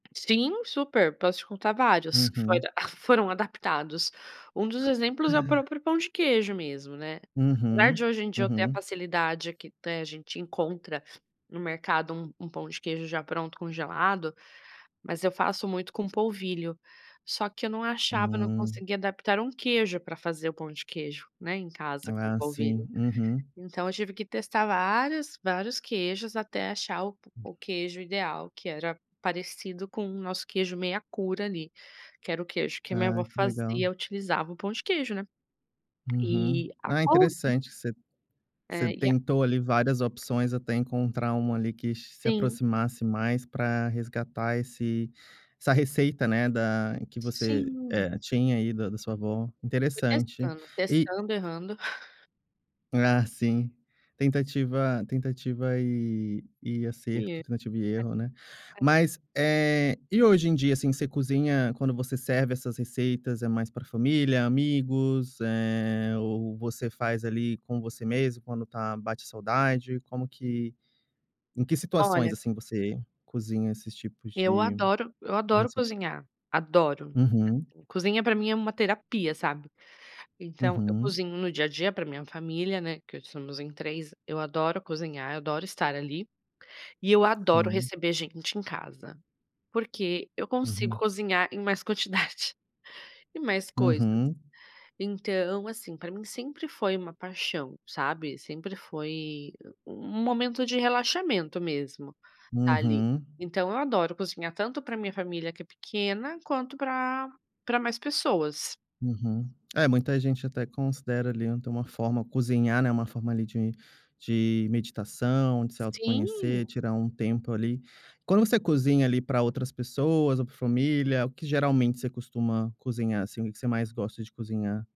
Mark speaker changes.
Speaker 1: Sim, super, posso te contar vários, que foi
Speaker 2: Uhum.
Speaker 1: adap foram adaptados. Um dos exemplos é o
Speaker 2: Uhum.
Speaker 1: próprio pão de queijo mesmo, né. Apesar de
Speaker 2: Uhum,
Speaker 1: hoje em dia eu ter a
Speaker 2: uhum.
Speaker 1: facilidade, aqui até a gente encontra no mercado um um pão de queijo já pronto congelado, mas eu faço muito com polvilho, só que eu não achava, não
Speaker 2: Hum.
Speaker 1: conseguia adaptar um queijo pra fazer o pão de queijo, né, em casa com o
Speaker 2: Ah sim,
Speaker 1: polvilho.
Speaker 2: uhum.
Speaker 1: Então, eu tive que testar vários, vários queijos até achar o
Speaker 2: Hum.
Speaker 1: o queijo ideal, que era parecido com o nosso queijo meia cura, ali, que era o queijo que a minha
Speaker 2: Ah,
Speaker 1: avó
Speaker 2: que legal.
Speaker 1: fazia, utilizava o pão de queijo, né.
Speaker 2: Uhum.
Speaker 1: E, a
Speaker 2: Ah,
Speaker 1: couve.
Speaker 2: interessante você você
Speaker 1: É, e a
Speaker 2: tentou, ali, várias opções até encontrar uma, ali, que che se
Speaker 1: Sim.
Speaker 2: aproximasse mais pra resgatar esse essa receita, né, da que você,
Speaker 1: Sim.
Speaker 2: eh, tinha aí da da sua avó,
Speaker 1: Fui
Speaker 2: interessante
Speaker 1: testando,
Speaker 2: e
Speaker 1: testando errando.
Speaker 2: Ah sim. Tentativa tentativa, eh, e acerto, tentativa e erro, né.
Speaker 1: [unintelligible]
Speaker 2: Mas, eh, e hoje em dia. assim, você cozinha quando você serve essas receitas, é mais pra família, amigos, eh, ou você faz, ali, com você mesmo quando tá bate saudade, como que em que situações,
Speaker 1: Olha.
Speaker 2: assim, você cozinha esses tipos
Speaker 1: Eu
Speaker 2: de
Speaker 1: adoro eu adoro
Speaker 2: receita?
Speaker 1: cozinhar, adoro!
Speaker 2: Uhum.
Speaker 1: Cozinha pra mim é uma terapia sabe. Então, eu
Speaker 2: Uhum.
Speaker 1: cozinho no dia a dia pra minha família, né, que hoje somos em 3 eu adoro cozinhar, eu adoro estar, ali. E eu adoro
Speaker 2: Sim.
Speaker 1: receber gente em casa, porque eu consigo
Speaker 2: Uhum.
Speaker 1: cozinhar em mais quantidade, e mais coisas.
Speaker 2: Uhum.
Speaker 1: Então, assim, pra mim sempre foi uma paixão, sabe. Sempre foi u um momento de relaxamento mesmo, ali.
Speaker 2: Uhum.
Speaker 1: Então eu adoro cozinhar tanto pra minha família que é pequena, quanto pra pra mais pessoas.
Speaker 2: Uhum. É muita gente até considera, ali, ainda uma forma cozinhar, né, uma forma, ali, de de meditação, de se
Speaker 1: Sim.
Speaker 2: autoconhecer, tirar um tempo, ali. Quando você cozinha, ali, pra outras pessoas ou pra família, o que geralmente você costuma cozinhar, assim, que que você mais gosta de cozinhar?